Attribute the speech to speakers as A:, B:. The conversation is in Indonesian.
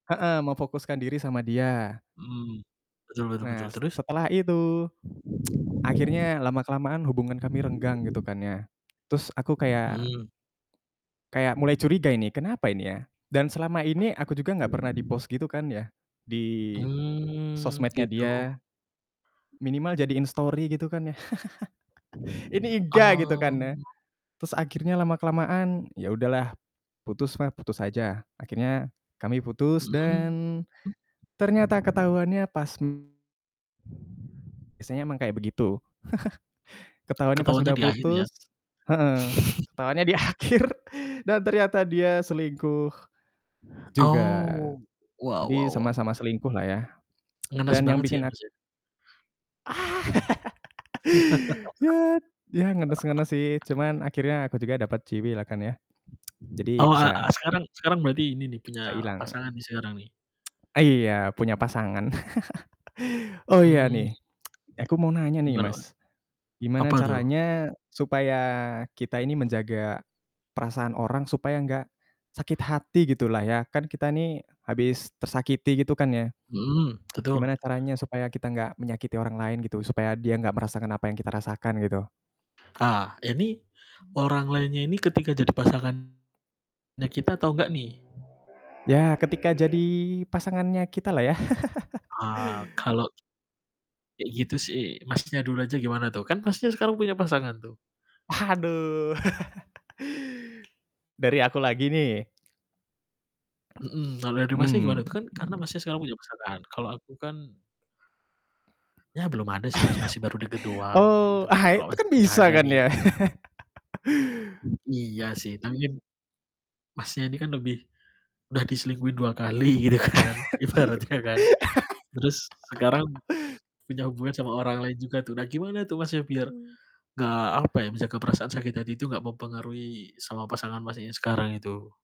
A: Heeh, memfokuskan diri sama dia.
B: Hmm, betul betul betul,
A: Nah, s s
B: terus?
A: setelah itu, akhirnya lama kelamaan hubungan kami renggang, gitu kan ya. Terus aku kayak
B: Mhm.
A: kayak mulai curiga ini, kenapa ini ya? Dan selama ini aku juga gak pernah di-post gitu kan ya, di
B: Hmm,
A: sosmed-nya
B: gitu.
A: dia, minimal jadiin story gitu kan ya. Ini enggak, gitu kan
B: Oh.
A: ya. Terus akhirnya lama-kelamaan, ya udahlah, putus mah, putus aja. Akhirnya kami putus
B: Mhm.
A: dan ternyata ketahuannya pas, mmm biasanya emang kayak begitu. Ketahuannya pas
B: Ketahuannya
A: udah
B: di akhir ya?
A: putus heeh, ketahuannya di akhir dan ternyata dia selingkuh juga.
B: Oh, wow wow
A: Jadi
B: wow.
A: sama-sama selingkuh lah ya.
B: Ngenes
A: Dan yang
B: banget sih, ya,
A: bikin ak
B: Mas, ya.
A: Ah! Ya ya, ngenes ngenes sih, cuman akhirnya aku juga dapat ciwi lah kan kan ya. Jadi
B: Oh a a
A: bisa
B: sekarang sekarang berarti ini nih,
A: bisa
B: punya
A: hilang.
B: pasangan nih sekarang nih?
A: Ah, iya, punya pasangan. Oh, iya,
B: Mmm.
A: nih, e aku mau nanya nih,
B: Gimana, Mas?
A: Mas. Gimana
B: Apa tuh?
A: caranya supaya kita ini menjaga perasaan orang supaya gak sakit hati, gitu lah ya? Kan kita nih habis tersakiti gitu kan ya.
B: Mhm, betul.
A: Gimana caranya supaya kita gak menyakiti orang lain, gitu, supaya dia gak merasakan apa yang kita rasakan, gitu?
B: Ah, ini, orang lainnya ini ketika jadi pasangannya kita atau nggak nih?
A: Ya, ketika jadi pasangannya kita lah ya.
B: Ah, kalau kayak gitu sih Masnya dulu aja gimana tuh? Kan pastinya sekarang punya pasangan tuh.
A: Aduh. Dari aku lagi nih?
B: Mhm, kalau dari Masnya
A: Hmm.
B: gimana tuh? Kan karena Masnya punya pasangan, kalau aku kan ya belum ada sih, Mas, masih baru dekat doang, kayak
A: Oh.
B: gitu kan,
A: Ha!
B: kalau
A: Itu kan
B: Masnya udah
A: bisa
B: ada
A: kan
B: nih.
A: ya?
B: Iya sih, tapi kan Masnya ini kan lebih udah diselingkuhin 2 kali gitu kan?
A: Diem.
B: Ibaratnya kan? Terus sekarang punya hubungan sama orang lain juga tuh. Nah, gimana tuh Mas, ya, biar
A: Hmm.
B: nggak, apa ya, menjaga perasaan sakit hati itu nggak mempengaruhi sama pasangan Masnya yang sekarang itu?